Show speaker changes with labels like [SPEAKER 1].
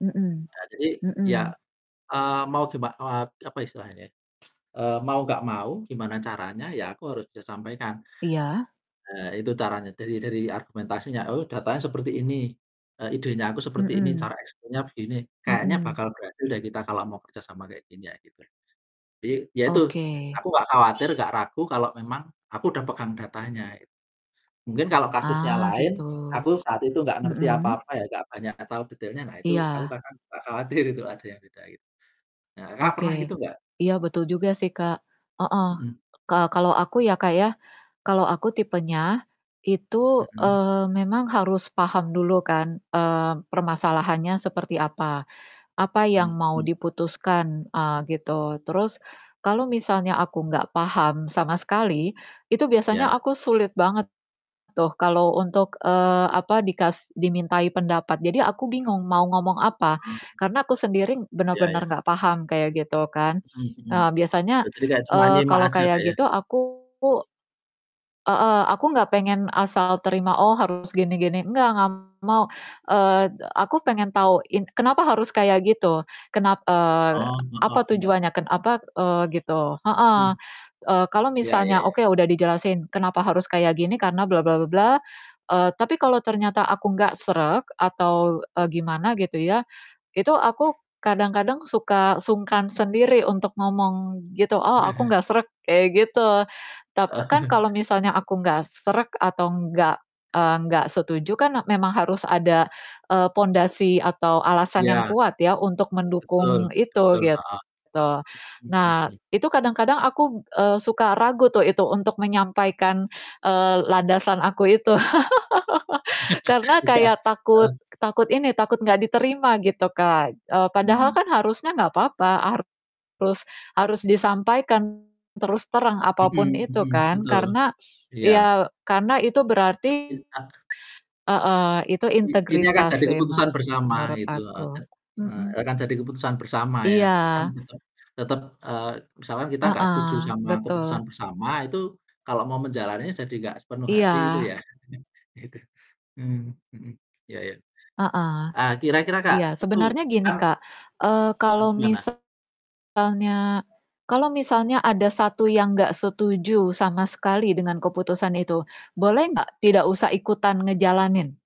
[SPEAKER 1] Mhm,
[SPEAKER 2] Nah jadi ya,
[SPEAKER 1] mhm.
[SPEAKER 2] eee, mau giman eee, apa istilahnya, eee, mau nggak mau gimana caranya ya aku harus bisa sampaikan.
[SPEAKER 1] Iya.
[SPEAKER 2] Nah itu caranya dari dari argumentasinya, oh datanya seperti ini, eee, idenya aku seperti ini, cara
[SPEAKER 1] Mhm.
[SPEAKER 2] eksekusinya begini, kayaknya
[SPEAKER 1] Mhm.
[SPEAKER 2] bakal berhasil deh kita kalau mau kerja sama kayak gini ya gitu. Jadi ya itu,
[SPEAKER 1] Oke.
[SPEAKER 2] aku gak khawatir gak ragu kalau memang aku udah pegang datanya. Mungkin kalau kasusnya
[SPEAKER 1] Ah,
[SPEAKER 2] lain
[SPEAKER 1] gitu,
[SPEAKER 2] aku saat itu gak ngerti
[SPEAKER 1] mhm.
[SPEAKER 2] apa-apa ya gak banyak tahu detailnya nah itu aku
[SPEAKER 1] Iya.
[SPEAKER 2] kadang suka khawatir itu ada yang beda it nah Kakak, pernah
[SPEAKER 1] Oke,
[SPEAKER 2] gitu nggak?
[SPEAKER 1] iya betul juga sih Kak, heeh,
[SPEAKER 2] Mhm.
[SPEAKER 1] ka kalau aku ya Kak, ya, kalau aku tipenya, itu,
[SPEAKER 2] Mhm.
[SPEAKER 1] eee, memang harus paham dulu kan, eee, permasalahannya seperti apa, apa yang mau
[SPEAKER 2] Mhm.
[SPEAKER 1] diputuskan, eee, gitu terus, kalau misalnya aku nggak paham sama sekali, itu biasanya
[SPEAKER 2] Iya.
[SPEAKER 1] aku sulit banget, tuh kalau untuk, eee, apa dikas dimintai pendapat, jadi aku bingung mau ngomong apa,
[SPEAKER 2] Mmm.
[SPEAKER 1] karena aku sendiri
[SPEAKER 2] Iya iya.
[SPEAKER 1] benar-benar nggak paham kayak gitu kan.
[SPEAKER 2] Mhm mhm,
[SPEAKER 1] Ah, biasanya,
[SPEAKER 2] jadi ini kayak cuma
[SPEAKER 1] eee,
[SPEAKER 2] nyimak
[SPEAKER 1] kalau
[SPEAKER 2] aja Kak,
[SPEAKER 1] kayak
[SPEAKER 2] ya.
[SPEAKER 1] gitu aku heeh, aku nggak pengen asal terima oh harus gini gini enggak enggak mau, eee, aku pengen tahu in kenapa harus kayak gitu. Kenap eee,
[SPEAKER 2] Oh,
[SPEAKER 1] apa
[SPEAKER 2] heeh, penda.
[SPEAKER 1] tujuannya, ken apa, eee, gitu, heeh.
[SPEAKER 2] Mhm.
[SPEAKER 1] Eee, kalau
[SPEAKER 2] Iya iya
[SPEAKER 1] misalnya
[SPEAKER 2] iya.
[SPEAKER 1] oke udah dijelasin kenapa harus kayak gini, karena bla bla bla bla, eee, tapi kalau ternyata aku nggak srek atau, eee, gimana gitu ya, itu aku kadang-kadang suka sungkan sendiri untuk ngomong gitu, "Oh aku nggak srek" kayak gitu. Tap kan kalau misalnya aku nggak srek atau enggak, eee, enggak setuju kan e memang harus ada, eee, pondasi atau alasan yang
[SPEAKER 2] Iya
[SPEAKER 1] kuat ya untuk
[SPEAKER 2] Betul,
[SPEAKER 1] mendukung itu
[SPEAKER 2] betul, heeh.
[SPEAKER 1] gitu. Nah
[SPEAKER 2] Mmm.
[SPEAKER 1] itu kadang-kadang aku, eee, suka ragu tuh itu untuk menyampaikan, eee, landasan aku itu. Karena
[SPEAKER 2] Iya,
[SPEAKER 1] kayak takut
[SPEAKER 2] heeh.
[SPEAKER 1] takut ini takut nggak diterima gitu Kak, eee, padahal
[SPEAKER 2] Heeh.
[SPEAKER 1] kan harusnya nggak apa-apa harus harus disampaikan, terus terang apa
[SPEAKER 2] Mhm
[SPEAKER 1] pun itu
[SPEAKER 2] mhm,
[SPEAKER 1] kan
[SPEAKER 2] betul,
[SPEAKER 1] karena
[SPEAKER 2] iya.
[SPEAKER 1] ya karena itu berarti,
[SPEAKER 2] Il ak
[SPEAKER 1] heeh, itu
[SPEAKER 2] I ini akan
[SPEAKER 1] integritas
[SPEAKER 2] jadi
[SPEAKER 1] sih
[SPEAKER 2] keputusan bersama
[SPEAKER 1] menurut
[SPEAKER 2] gitu, heeh,
[SPEAKER 1] aku,
[SPEAKER 2] te eh,
[SPEAKER 1] mhm.
[SPEAKER 2] akan jadi keputusan bersama ya, eee, kan
[SPEAKER 1] Iya.
[SPEAKER 2] tetep tetep, eee, misalkan kita gak setuju
[SPEAKER 1] Heeh,
[SPEAKER 2] sama keputusan
[SPEAKER 1] betul.
[SPEAKER 2] bersama itu, kalau mau menjalaninya jadi gak sepenuh hati itu
[SPEAKER 1] Iya.
[SPEAKER 2] ya, itu, mmm, mhm. Iya iya,
[SPEAKER 1] Heeh,
[SPEAKER 2] eee, kira-kira Kak,
[SPEAKER 1] iya
[SPEAKER 2] itu
[SPEAKER 1] sebenarnya gini
[SPEAKER 2] kan
[SPEAKER 1] Kak, eee,
[SPEAKER 2] Terus
[SPEAKER 1] kalau
[SPEAKER 2] gimana?
[SPEAKER 1] misalnya kalau misalnya ada 1 yang nggak setuju sama sekali dengan keputusan itu, boleh nggak tidak usah ikutan ngejalanin?